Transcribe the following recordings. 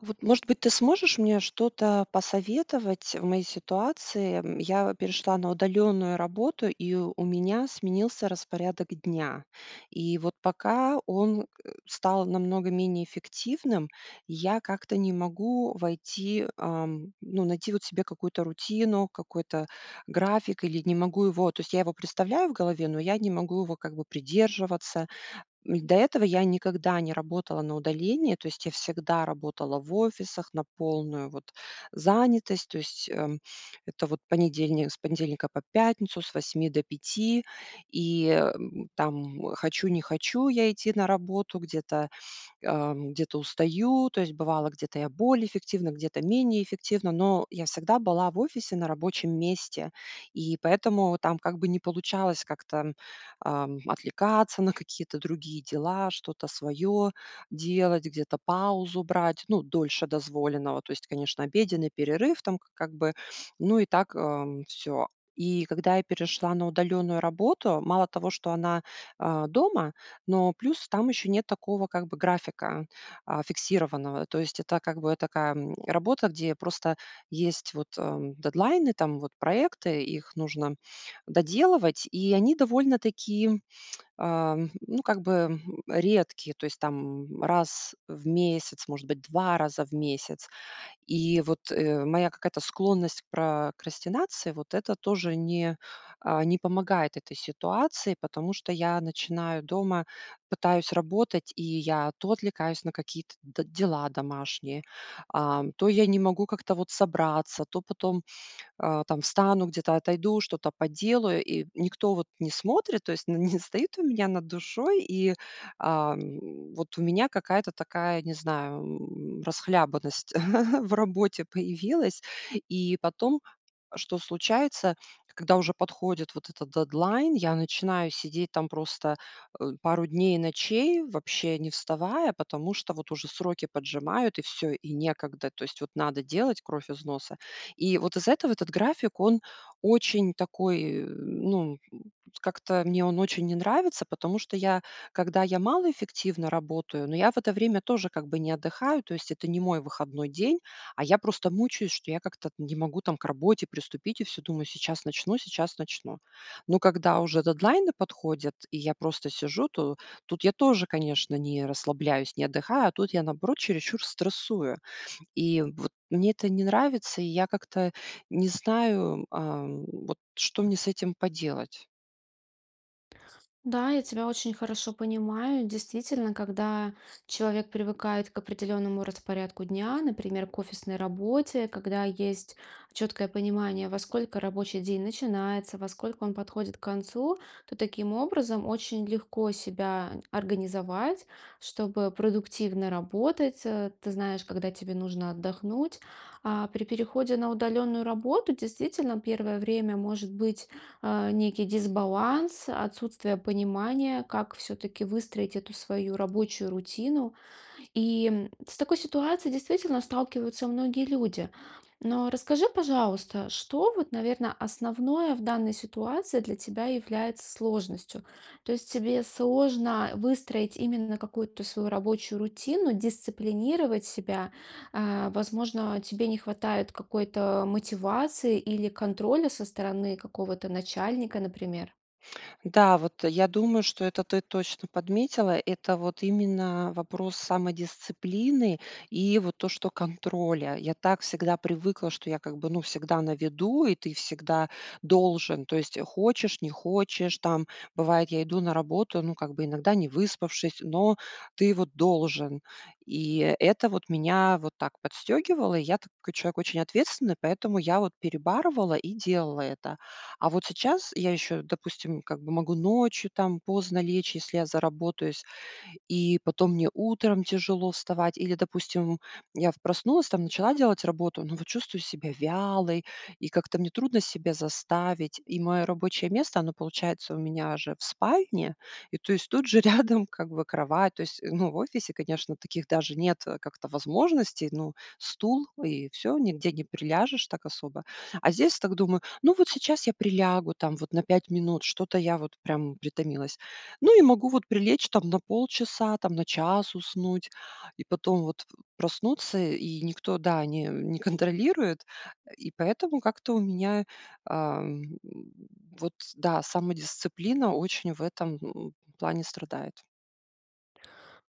Вот, может быть, ты сможешь мне что-то посоветовать в моей ситуации? М, я перешла на удалённую работу, и у меня сменился распорядок дня. И вот пока он, э, стал намного менее эффективным, я как-то не могу войти, ам, ну, найти вот себе какую-то рутину, какой-то график или не могу его, то есть я его представляю в голове, но я не могу его, как бы, придерживаться. М, до этого я никогда не работала на удаление, то есть я всегда работала в офисах на полную, вот, занятость, то есть, эм, это вот понедельник, с понедельника по пятницу, с 8 до 5. И, эм, там, м, хочу-не-хочу я идти на работу, где-то, ам, где-то устаю. То есть бывало, где-то я более эффективна, где-то менее эффективна, но я всегда была в офисе на рабочем месте. И поэтому там как бы не получалось как-то, м, ам, отвлекаться на какие-то другие дела, что-то своё делать, где-то паузу брать, ну, дольше дозволенного. То есть, конечно, обеденный перерыв там, к как бы, ну и так, эм, всё. И когда я перешла на удалённую работу, мало того, что она, а, дома, но плюс там ещё нет такого, как бы, графика, а, фиксированного. То есть это, как бы, такая, м, работа, где я просто есть вот, ам, дедлайны, там, вот проекты, их нужно доделывать, и они довольно-таки, ам, ну, как бы, м, редкие, то есть там, м, раз в месяц, может быть, 2 раза в месяц. И вот, э, моя какая-то склонность к прокрастинации, вот это тоже не, э, не, помогает этой ситуации, потому что я начинаю дома, пытаюсь работать, и я то отвлекаюсь на какие-то д дела домашние, а, то я не могу как-то вот собраться, то потом, а, там встану, где-то отойду, что-то поделаю, и никто вот не смотрит, то есть, н не стоит у меня над душой, и, ам, вот у меня какая-то такая, не знаю, м, расхлябанность в работе появилась. И потом, что случается, когда уже подходит вот этот дедлайн, я начинаю сидеть там просто, э, пару дней и ночей, вообще не вставая, потому что вот уже сроки поджимают, и всё, и некогда. То есть, вот, надо делать кровь из носа. И вот из-за этого этот график, он очень такой, э, ну, м, как-то мне он очень не нравится, потому что я, когда я малоэффективно работаю, но я в это время тоже, как бы, не отдыхаю, то есть это не мой выходной день, а я просто мучаюсь, что я как-то не могу там к работе приступить и всё думаю: "Сейчас начну, сейчас начну". Но когда уже дедлайны подходят, и я просто сижу, то тут я тоже, конечно, не расслабляюсь, не отдыхаю, а тут я, наоборот, чересчур стрессую. И вот мне это не нравится, и я как-то не знаю, ам, вот, что мне с этим поделать. Да, я тебя очень хорошо понимаю. Действительно, когда человек привыкает к определённому распорядку дня, например, к офисной работе, когда есть чёткое понимание, во сколько рабочий день начинается, во сколько он подходит к концу, то таким образом очень легко себя организовать, чтобы продуктивно работать. А ты знаешь, когда тебе нужно отдохнуть. А при переходе на удалённую работу действительно первое время может быть, а, некий дисбаланс, отсутствие понимания, как всё-таки выстроить эту свою рабочую рутину. И, м, с такой ситуацией действительно сталкиваются многие люди. Но расскажи, пожалуйста, что вот, наверное, основное в данной ситуации для тебя является сложностью? То есть тебе сложно, э, выстроить именно какую-то свою рабочую рутину, дисциплинировать себя? А, возможно, тебе не хватает какой-то мотивации или контроля со стороны какого-то начальника, например? Да, вот, э, я думаю, что это ты точно подметила- это вот именно вопрос самодисциплины и вот то, что контроля. Я так всегда привыкла, что я, как бы, ну, всегда на виду, и ты всегда должен, то есть, хочешь не хочешь, там, бывает, я иду на работу, ну, как бы, иногда не выспавшись, но ты вот должен. И это вот меня вот так подстёгивало. И я такой человек очень ответственный, поэтому я вот перебарывала и делала это. А вот сейчас я ещё, допустим, как бы, могу ночью, там, поздно лечь, если я заработаюсь, и потом мне утром тяжело вставать. Или, допустим, я проснулась, там, начала делать работу, но вот чувствую себя вялой, и как-то мне трудно себя заставить. И моё рабочее место- оно получается у меня же в спальне, и, то есть, тут же рядом, как бы, кровать. То есть, ну, в офисе, конечно, таких даже нет как-то возможностей: ну, стул- и всё, нигде не приляжешь так особо. А здесь так думаю: "Ну, вот сейчас я прилягу, там, вот на 5 минут, что-то я вот, прям, притомилась". Ну и могу вот прилечь, там, на полчаса, там, на час уснуть. И потом вот проснуться, и никто, да, не, э, не контролирует. Э, и поэтому как-то у меня, ам, вот, да, самодисциплина очень в этом, м, плане страдает.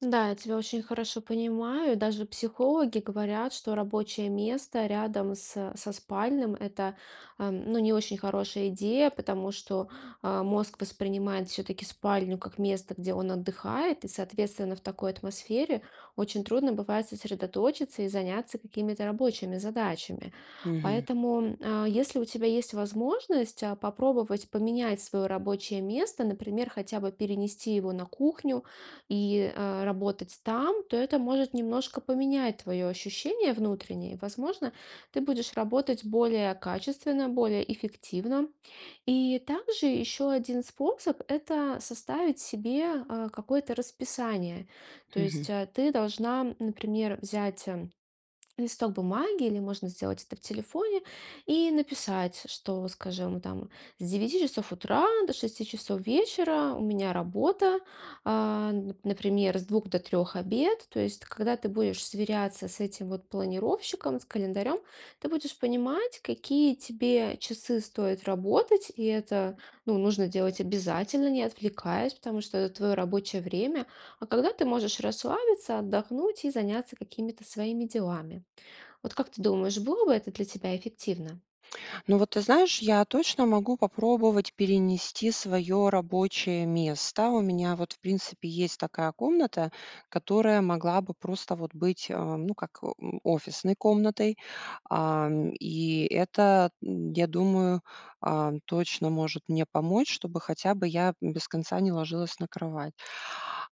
Да, я тебя очень хорошо понимаю. Даже психологи говорят, что рабочее место рядом с со спальным- это, ам, ну, не очень хорошая идея, потому что, а, мозг воспринимает всё-таки спальню как место, где он отдыхает. И, соответственно, в такой атмосфере очень трудно бывает сосредоточиться и заняться какими-то рабочими задачами. Мгм. Поэтому, м, а, если у тебя есть возможность, а, попробовать поменять своё рабочее место, например, хотя бы перенести его на кухню и, а, работать там, то это может немножко поменять твоё ощущение внутреннее. И, возможно, ты будешь работать более качественно, более эффективно. И также ещё один способ- это составить себе, а, какое-то расписание. То есть, Мгм. а, ты должна, м, например, взять, м, листок бумаги, или можно сделать это в телефоне, и написать, что, скажем, там с 9 часов утра до 6 часов вечера у меня работа, а, н например, с 2 до 3- обед. То есть, когда ты будешь сверяться с этим вот планировщиком, с календарём, ты будешь понимать, какие тебе часы стоит работать, и это, ну, нужно делать обязательно, не отвлекаясь, потому что это твоё рабочее время. А когда ты можешь расслабиться, отдохнуть и заняться какими-то своими делами? Вот как ты думаешь, было бы это для тебя эффективно? Ну, вот ты знаешь, я точно могу попробовать перенести своё рабочее место. У меня вот, в принципе, есть такая комната, которая могла бы просто вот быть, а, ну, как, м, офисной комнатой. Ам, и это, м, я думаю, ам, точно может мне помочь, чтобы хотя бы я, м, без конца не ложилась на кровать.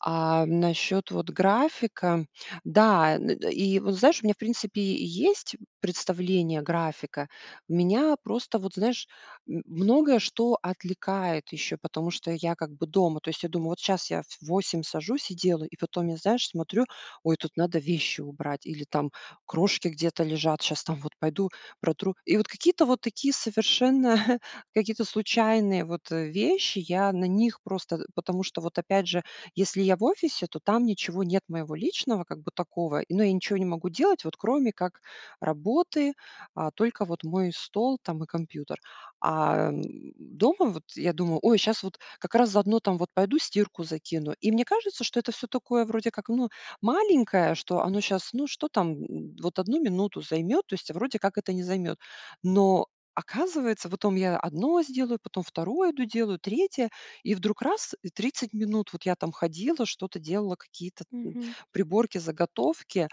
А насчёт вот графика, да, н н и, вот знаешь, у меня, в принципе, есть представление графика. Меня просто, вот знаешь, м, многое что отвлекает ещё, потому что я как бы дома. То есть я думаю: "Вот сейчас я в в 8 сажусь и делаю". И потом я, знаешь, смотрю: "Ой, тут надо вещи убрать или там крошки где-то лежат, щас там, вот пойду протру". И вот какие-то вот такие совершенно какие-то случайные вот, э, вещи. Я на них просто э, потому что вот, опять же, если я в офисе, то там ничего нет моего личного как бы такого, ну, я и ничего не могу делать, вот кроме как работы, а только вот мой стол там и компьютер. Ам, дома вот я думаю: "Ой, щас вот как раз заодно там вот пойду стирку закину". И мне кажется, что это всё такое вроде как, ну, маленькое, что оно щас, ну, что там, м, вот 1 минуту займет, то есть, а вроде как это не займет. Но оказывается, потом я одно сделаю, потом второе иду делаю, третье, и вдруг раз, и 30 минут вот я там ходила, что-то делала, какие-то, м, Мгм. приборки, заготовки.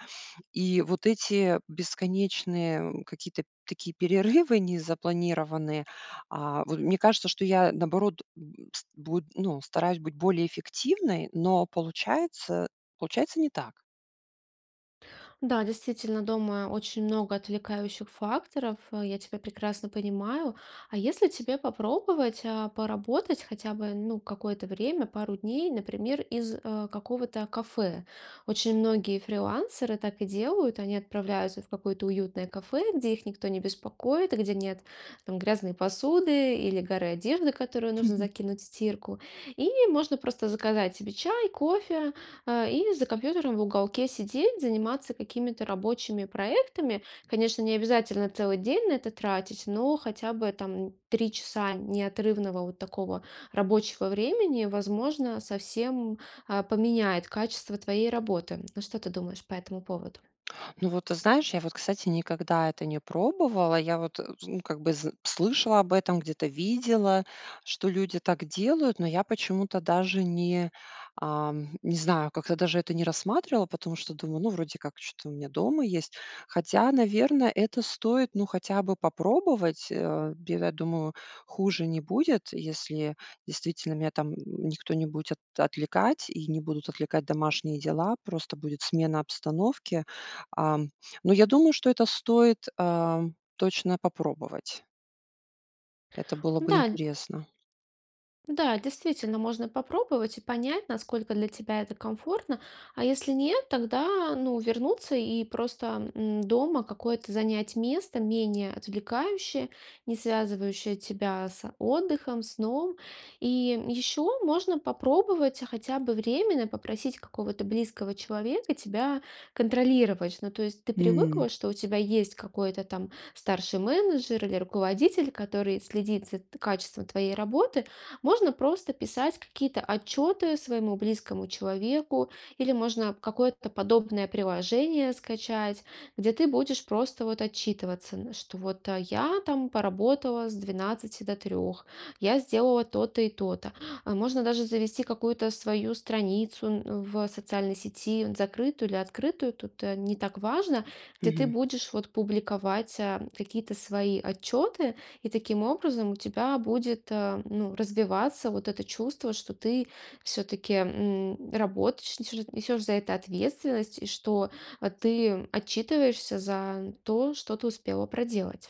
И вот эти, бесконечные, э, какие-то такие перерывы незапланированные, а, вот мне кажется, что я, наоборот, м, с буд ну, стараюсь быть более эффективной, но получается, получается не так. Да, действительно, дома очень много отвлекающих факторов. Э, я тебя прекрасно понимаю. А если тебе попробовать, а, поработать хотя бы, ну, какое-то время, пару дней, например, из, а, какого-то кафе? Очень многие фрилансеры так и делают. Они отправляются в какое-то уютное кафе, где их никто не беспокоит и где нет, там, грязной посуды или горы одежды, которую нужно закинуть в стирку. И можно просто заказать себе чай, кофе, а, и за компьютером в уголке сидеть, заниматься какими-то рабочими проектами. Конечно, не обязательно целый день на это тратить, но хотя бы там 3 часа неотрывного вот такого рабочего времени, возможно, совсем, а, поменяет качество твоей работы, м? Что ты думаешь по этому поводу? Ну вот, ты знаешь, я вот, кстати, никогда это не пробовала. Я вот, э, ну, как бы, зн слышала об этом, где-то видела, что люди так делают, но я почему-то даже не, ам, не знаю, как-то даже это не рассматривала, потому что думаю: "Ну, вроде как чё-то у меня дома есть". Хотя, наверное, это стоит, ну, хотя бы попробовать. А, бе я думаю, хуже не будет, если действительно меня там, м, никто не будет отвлекать, и не будут отвлекать домашние дела, просто будет смена обстановки. Ам, но я думаю, что это стоит, ам, точно попробовать. Это было бы Да, ль интересно. Да, действительно, можно попробовать и понять, насколько для тебя это комфортно, а если нет, тогда, а, ну, вернуться и просто, м, дома какое-то занять место менее отвлекающее, не связывающее тебя с, а, отдыхом, сном. И, м, еще можно попробовать хотя бы временно попросить какого-то близкого человека тебя контролировать. Ну, то есть ты М. привыкла, что у тебя есть какой-то там старший менеджер или руководитель, который следит за т качеством твоей работы. Можно просто писать какие-то отчеты своему близкому человеку, или можно, а, какое-то подобное приложение скачать, где ты будешь просто вот отчитываться, н что вот я там поработала с 12 до 3, я сделала то-то и то-то. А можно даже завести какую-то свою страницу, н в социальной сети, н закрытую или открытую, тут, э, не так важно. Где ты Мгм. будешь вот публиковать, а, какие-то свои отчёты, и таким образом у тебя будет, а, ну, развиваться вот это чувство, что ты все-таки, м, работаешь, несешь несешь за это ответственность, и что, а, ты, м, отчитываешься за то, что ты успела проделать.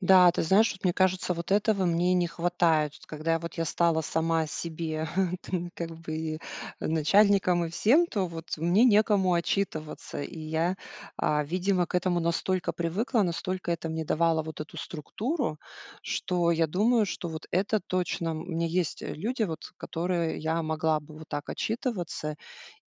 Да, ты знаешь, вот мне кажется, вот этого мне и не хватает. Вот когда я вот я стала сама себе ты как бы начальником и всем, то вот мне некому отчитываться. И я, а, видимо, к этому настолько привыкла, настолько это мне давало вот эту структуру, что я думаю, что вот это точно м, у меня есть, э, люди, вот, которые я могла бы вот так отчитываться,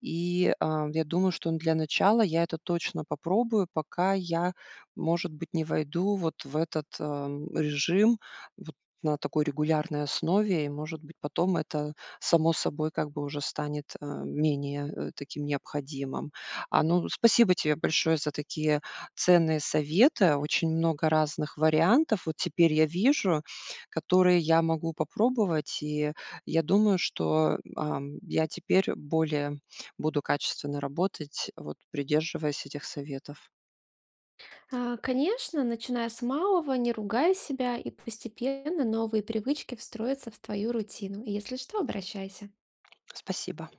и, а, я думаю, что, ну, для начала я это точно попробую, пока я, может быть, не войду вот в этот, ам, режим вот на такой регулярной основе и, может быть, потом это само собой как бы уже станет, э, менее, э, таким необходимым. А, ну, спасибо тебе большое за такие ценные советы, очень много разных вариантов вот теперь я вижу, которые я могу попробовать, и я думаю, что, м, ам, я теперь более буду качественно работать, вот придерживаясь этих советов. А, конечно, начиная с малого, не ругай себя, и постепенно новые привычки встроятся в твою рутину. Если что, обращайся. Спасибо.